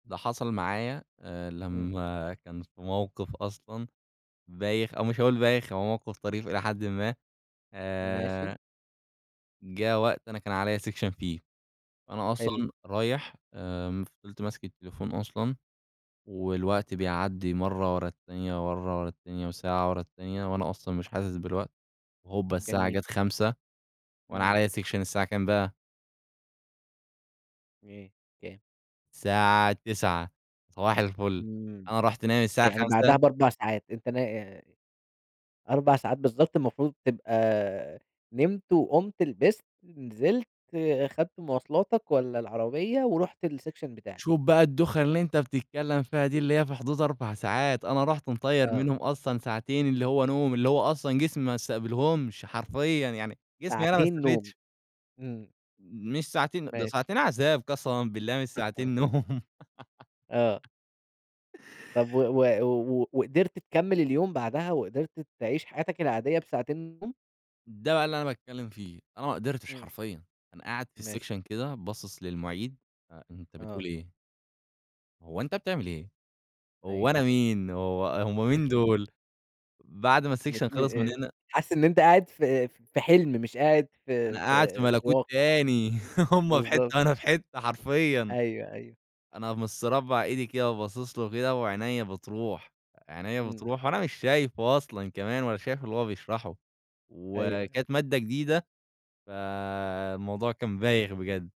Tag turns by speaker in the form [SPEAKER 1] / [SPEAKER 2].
[SPEAKER 1] ده حصل معايا، آآ،
[SPEAKER 2] امم.
[SPEAKER 1] لما كان في موقف أصلًا بايخ أو مش هاقول بايخ، هو موقف طريف إلى حدٍ ما
[SPEAKER 2] ماشي.
[SPEAKER 1] آآ جا وقت أنا كان عليَّا section فيه، أنا
[SPEAKER 2] حلو.
[SPEAKER 1] أصلًا رايح آآ، فضلت ماسك التليفون أصلًا والوقت بيعدي مرة ورا التانية ورا مرة ورا التانية وساعة ورا التانية وأنا أصلًا مش حاسس بالوقت، وهوبا الساعة
[SPEAKER 2] جميل.
[SPEAKER 1] جات 05:00 وأنا
[SPEAKER 2] امم.
[SPEAKER 1] عليَّ section الساعة كام بقى؟
[SPEAKER 2] [unintelligible]
[SPEAKER 1] الساعة 09:00. صباح الفل،
[SPEAKER 2] امم.
[SPEAKER 1] أنا رُحت نايم الساعة
[SPEAKER 2] يعني بعدها
[SPEAKER 1] 05:00
[SPEAKER 2] ب4 ساعات أنت نا 4 ساعات بالضبط المفروض تبقى نمت وقمت لبست، نزلت، اخذت مواصلاتك والّا العربية ورُحت الsection بتاعك.
[SPEAKER 1] شوف بقى الدوخة اللي أنت بتتكلم فيها دي، اللي هي في حدود 4 ساعات، أنا رحت مطَيَّر
[SPEAKER 2] آه.
[SPEAKER 1] منهم أصلًا ساعتين اللي هو نوم اللي هو أصلًا جسمي ما استقبلهمش، حرفيًا. يعني جسمي أنا ما
[SPEAKER 2] ساعتين نوم،
[SPEAKER 1] استفدش.
[SPEAKER 2] امم.
[SPEAKER 1] مش ساعتين دول
[SPEAKER 2] ماشي
[SPEAKER 1] ساعتين عذاب قسمًا بالله مش ساعتين نوم.
[SPEAKER 2] آه. طب و و و قدرت تكمل اليوم بعدها وقدرت تعيش حياتك العادية بساعتين نوم؟
[SPEAKER 1] ده بقى اللي أنا باتكلم فيه، أنا ما أقدرتش
[SPEAKER 2] امم.
[SPEAKER 1] حرفيًا أنا قاعد في
[SPEAKER 2] ماشي.
[SPEAKER 1] section كده باصص للمُعيد، آآ أنت بتقول
[SPEAKER 2] آه.
[SPEAKER 1] إيه؟ هو أنت بتعمل إيه، هو
[SPEAKER 2] أيوه.
[SPEAKER 1] أنا مين وهو هم مين دول. بعد ما
[SPEAKER 2] مش
[SPEAKER 1] الsection خلص من
[SPEAKER 2] م
[SPEAKER 1] هنا
[SPEAKER 2] حاسس إن أنت قاعد في في حلم مش قاعد
[SPEAKER 1] أنا
[SPEAKER 2] في
[SPEAKER 1] قاعد في
[SPEAKER 2] في في
[SPEAKER 1] ملكوت
[SPEAKER 2] واقع.
[SPEAKER 1] تاني هم في
[SPEAKER 2] بالضبط.
[SPEAKER 1] حتة أنا في حتة حرفيwا.
[SPEAKER 2] أيوه، أيوه.
[SPEAKER 1] أنا مستربع إيدي كده وباصص له وكده وعينيا بتروح عينيا
[SPEAKER 2] امم.
[SPEAKER 1] بتروح وأنا مش شايفه أصلًا كمان ولا شايف اللي هو بيشرحه،
[SPEAKER 2] أيوه.
[SPEAKER 1] وكانت مادة جديدة، فالموضوع كان بايخ بجد.